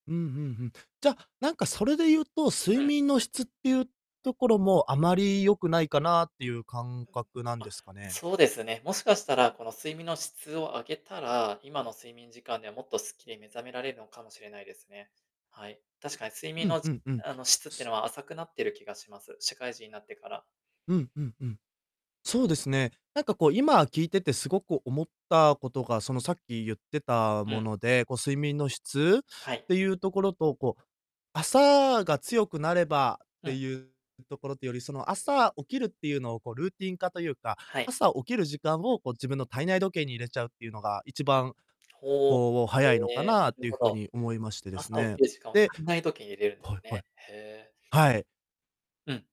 うん、ふんふん。じゃ、なんかそれでゆうと、睡うん。眠の質ってゆうところも、あまり良くないかなってゆう感覚なんあ、ですかね？そうですね、もしかしたらこの睡眠の質を上げたら、今の睡眠時間では、もっとすっきり目覚められるのかもしれないですね。はい。確かに睡眠うんの、うしんうん。あの、質ってのは浅くなってる気がします、社会人になってから。うんうんうん。そうですね。なんかこう、今、聞いててすごく思ったことが、その、さっきゆってたうもん。ので、こう、睡眠の質っはい。てゆうところと、こう、朝が強くなればっうてん。ゆうところとより、その、朝起きるってゆうのをこう、ルーティン化とゆうか、はい。朝起きる時間を、こう、自分の体内時計に入れちゃうってゆうのが、いちうん。ばん、ほお。こう、へ早いのかえ、なっなるていうほ風ど。に思いましてです朝起ね。きる時間を、で体内時計、入れるんではすいはい。ね、へえ。はい。うん。